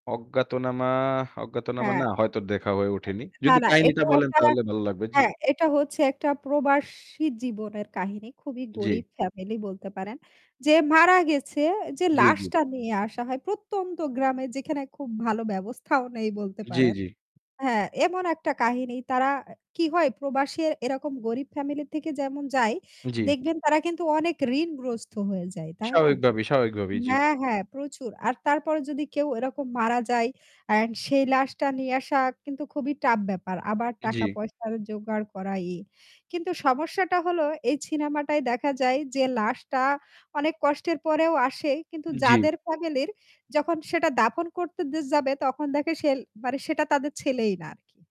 অজ্ঞাতনামা, অজ্ঞাতনামা, হ্যাঁ না হয়তো দেখা হয়ে ওঠেনি। এ না, যদি না, এটা কাহিনীটা বলেন একটা তাহলে ভাল লাগবে জি। হ্যাঁ এটা হচ্ছে একটা প্রবাসী জীবনের কাহিনী খুবই জ্বি। গরীব ফ্যামিলি বলতে পারেন। যে মারা গেছে যে জ্বী, জ্বী। লাশটা নিয়ে আসা হয় প্রত্যন্ত গ্রামে যেখানে খুব ভালো ব্যবস্থাও নেই বলতে জ্বি, পারেন। জ্বি। হ্যাঁ এমন একটা কাহিনী তারা অ্যা কি হয় প্রবাসী এরকম গরীব ফ্যামিলি থেকে যেমন যায় জ্বি। দেখবেন তারা কিন্তু অনেক ঋণগ্রস্ত হয়ে যায়। তাই না স্বাভাবিক ভাবেই স্বাভাবিক ভাবেই। জ্বি। হ্যাঁ, হ্যাঁ, প্রচুর। আর তারপরে যদি কেউ এরকম মারা যায় অ্যান্ড সেই লাশটা নিয়ে আসা কিন্তু খুবই টাফ ব্যাপার। আবার টাকা জ্বি। পয়সা জোগাড় করা ই। কিন্তু সমস্যাটা হল এই সিনেমাটায় দেখা যায় যে লাশটা অনেক কষ্টের পরেও আসে। কিন্তু জ্বি। যাদের ফ্যামিলির যখন সেটা দাফন করতে দে যাবে তখন দেখে সেল মানে সেটা তাদের ছেলেই না আরকি।